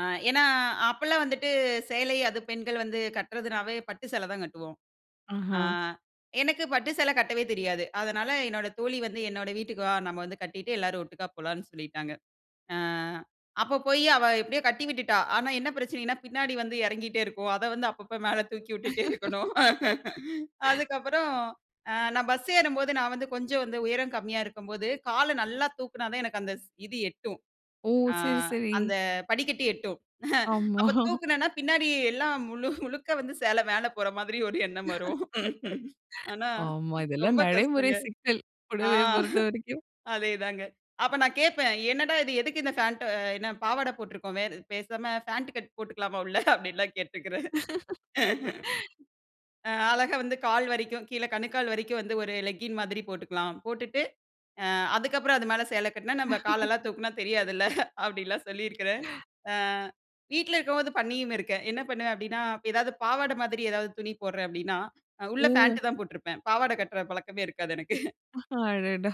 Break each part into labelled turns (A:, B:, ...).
A: ஆ ஏன்னா அப்போலாம் வந்துட்டு, சேலை அது பெண்கள் வந்து கட்டுறதுனாவே பட்டு சேலை தான் கட்டுவோம். அ
B: ஆஹா.
A: எனக்கு பட்டு சேலை கட்டவே தெரியாது. அதனால என்னோட தோழி வந்து "என்னோட வீட்டுக்கு வா! நம்ம வந்து கட்டிட்டு எல்லாரும் ஒட்டுக்கா போலான்னு சொல்லிட்டாங்க." அ அப்போ போய் அவ எப்படியோ கட்டி விட்டுட்டா. ஆனா என்ன பிரச்சனைன்னா பின்னாடி வந்து இறங்கிகிட்டே இருக்கும். அத வந்து அப்பப்போ மேல தூக்கி விட்டுட்டே இருக்கணும். அதுக்கப்புறம் அ நான் பஸ் ஏறும்போது நான் வந்து கொஞ்சம் வந்து உயரம் கம்மியா இருக்கும்போது காலை நல்லா தூக்கினா தான் எனக்கு அந்த ஸ் இது எட்டும்.
B: ஓஹ்! சரி
A: ஆங்
B: சரி.
A: அந்த படிக்கட்டி எட்டும். அப்போ
B: ஆமா.
A: தூக்கினேனா பின்னாடி எல்லாம் முழு முழுக்க வந்து சேலை மேல போற மாதிரி ஒரு எண்ணம்
B: [unintelligible]
A: வரும். ஆனா
B: ஆமா இதெல்லாம்
A: ரொம்ப
B: நடைமுறை
A: கஷ்டங்க.
B: சிக்கல்.
A: ஆ
B: புடவைய பொறுத்த வரைக்கும்.
A: அதேதாங்க. அப்போ நான் கேட்பேன், என்னடா இது! எதுக்கு இந்த ஃபண்ட் என்ன பாவாடை போட்டிருக்கோமே பேசாம பேண்ட் கட் போட்டுக்கலாமா உள்ள? அப்படின்லாம் கேட்டிருக்கிறேன். அழகா வந்து கால் வரைக்கும் கீழ கணுக்கால் வரைக்கும் வந்து ஒரு லெக்கிங் மாதிரி போட்டுக்கலாம். போட்டுட்டு அதுக்கப்புறம் அது மேல சேலை கட்டினா நம்ம காலெல்லாம் தூக்கினா தெரியாதுல்ல. அப்படின்லாம் சொல்லியிருக்கிறேன். வீட்ல இருக்கும்போது பண்ணியும் இருக்கேன். என்ன பண்ணுவேன்? அப்படின்னா ஏதாவது பாவாடை மாதிரி ஏதாவது துணி போடுறேன் அப்டின்னா, உள்ள
B: ம்.
A: பேண்ட் தான் போட்ருப்பேன். பாவாடை கட்டுற பழக்கமே இருக்காது எனக்கு.
B: அடடா!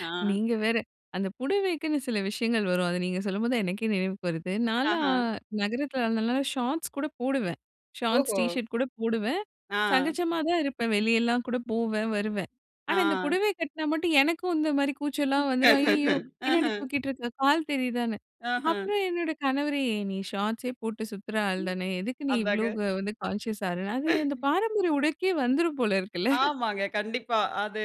A: ஆ.
B: நீங்க வேற! அந்த புடவைக்குன்னு சில விஷயங்கள் வரும். அத நீங்க சொல்லும்போது தான் எனக்கே நினைவுக்கு வருது. நான்லாம்
A: ஆஹா.
B: நகரத்தில இருந்தனால ஷார்ட்ஸ் கூட போடுவேன். ஷார்ட்ஸ்
A: ஓஹோ!
B: டீ ஷர்ட் கூட போடுவேன்.
A: ஆ.
B: சகஜமா தான் இருப்பேன் வெளியெல்லாம் கூட போவேன், வருவேன். ஆனா இந்த
A: ஆ.
B: புடவை கட்டினா மட்டும் எனக்கும் இந்த மாதிரி கூச்சல்லலாம் வந்துடும். ஐய்யயோ! பின்னாடி
A: ம்ஹ்ம்.
B: தூக்கிட்டு இருக்கிற கால் தெரியுதான்னு
A: ஆஹ!
B: அப்புறம் என்னோட கணவரே "நீ ஷார்ட்ஸே போட்டு சுத்துற ஆள் தான, எதுக்கு நீ இவ்வளோ
A: அதாங்க.
B: வந்து கான்ஷியஸ் ஆகறன்னு" அது அந்த பாரம்பரிய உடைக்கே வந்துடும் போல இருக்குல்ல.
A: ஆமாங்க. கண்டிப்பா அது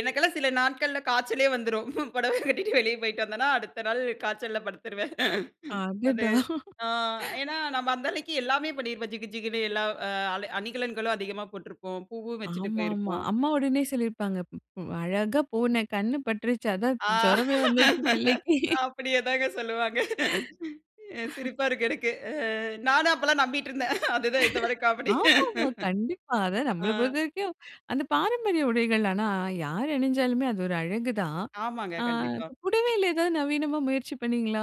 A: எனக்கெல்லாம் சில நாட்கள்ல காய்ச்சலே வந்துரும். புடவ கட்டிட்டு வெளியே போய்ட்டு வந்தேன்னா அடுத்த நாள் காய்ச்சல்ல படுத்துருவேன்.
B: ஆ
A: அது
B: அடடா!
A: அ ஏன்னா நம்ம அந்த அளவுக்கு எல்லாமே பண்ணியிருப்போம் ஜிகு ஜிகுன்னு எல்லா அ அணிகலன்களும் அதிகமா போட்டிருப்போம். பூவும் வச்சுட்டு
B: ஆமாமா.
A: போயிருப்போம்.
B: அம்மா உடனே சொல்லியிருப்பாங்க. "அழகா போன கண் பட்டுருச்சு, அதான் ஜுரமே வந்துடுச்சு பிள்ளைக்கு."
A: அப்படியே தாங்க சொல்லுவாங்க. சிரிப்பா இருக்கு எனக்கு. நானும் அப்பெல்லாம் நம்பிட்டு இருந்தேன். அதுதான் இது வரைக்கும் காமெடி.
B: ஆமா, ஆமா கண்டிப்பா. அத
A: ஆ.
B: நம்மள பொறுத்த வரைக்கும் அந்த பாரம்பரிய உடைகள் ஆனா யார் அணிஞ்சாலுமே அது ஒரு அழகுதான்.
A: ஆமாங்க
B: ஆ
A: கண்டிப்பா.
B: புடவைல ஏதாவது நவீனமா முயற்சி பண்ணீங்களா?